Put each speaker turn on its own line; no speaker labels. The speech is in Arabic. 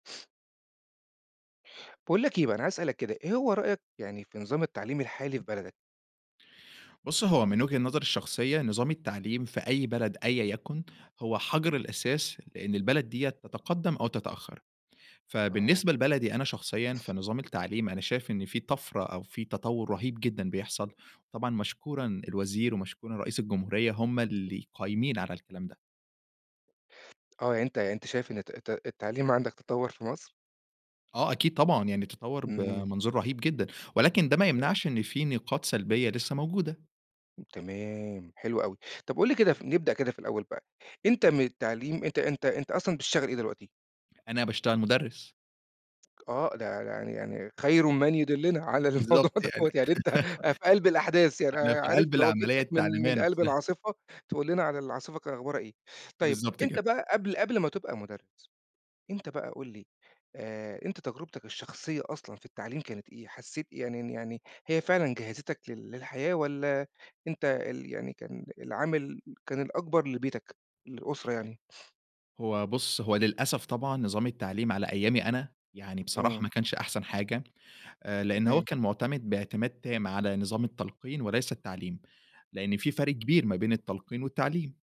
باقول لك إيه بقى، أنا عايز أسألك كده، إيه هو رأيك يعني في نظام التعليم الحالي في بلدك؟
بُص، هو من وجهة نظري الشخصية، نظام التعليم في أي بلد أيًا يَكُن، هو حَجر الأساس، لإن البلد ديّة تتقدَّم أو تتأخّّر.
آه.
فبالنسبة لبلدي أنا شخصيًا في نظام التعليم، أنا شايف إن في طَفرة أو في تطوّر رهيب جدًا بيحصل. طبعًا مشكورًا الوزير ومشكورًا رئيس الجمهورية، هم اللي قايمين على الكلام ده.
آه. يعني أنت أنت شايف إن الت الت التعليم عندك تطوّر في مصر؟
آه، أكيد طبعًا. يعني تطوّر
إمم.
بمنظور رهيب جدًا، ولكن ده ما
تم
يمنعش إن في نقاط سلبية لسّه موجودة.
تمام، حلو أوي. طب قُل لي كده ف نبدأ كده في الأول بقى، أنت من التعليم أنت أنت أنت أصلًا بتشغل إيه دلوقتي؟
أنا باشتغل مُدرِّس.
آه. ده يعني يعني خَير من يُدلِّنا على الموضوع
بالضبط يعني.
دوّة، يعني أنت أ في قَلْب الأحداث. يعني
أنا في
عارف
قَلْب
لو
العملية
جِبتك من
التعليمية
من قَلْب
نفسها.
العاصفة تقول لنا على العاصفة ك أخبارها إيه؟ طيب،
بالضبط
أنت
كده.
بقى قبل قبل ما تبقى مُدرِّس، أنت بقى قُل لي، آآ أنت تجربتك الشخصية أصلًا في التعليم كانت إيه؟ حسّيت يعني ن يعني هي فعلًا جهّزتك لل للحياة والّا أنت ال يعني كان العامل كان الأكبر لبيتك، للأسرة يعني؟
هو بُص، هو للأسف طبعًا نظام التعليم على أيامي أنا، يعني بصراحة ما
إمم.
كانش أحسن حاجة، آآ لإنّ هو
تمام.
كان مُعتمِد باعتماد تام على نظام التلقين وليس التعليم، لإن في فرق كبير ما بين التلقين والتعليم.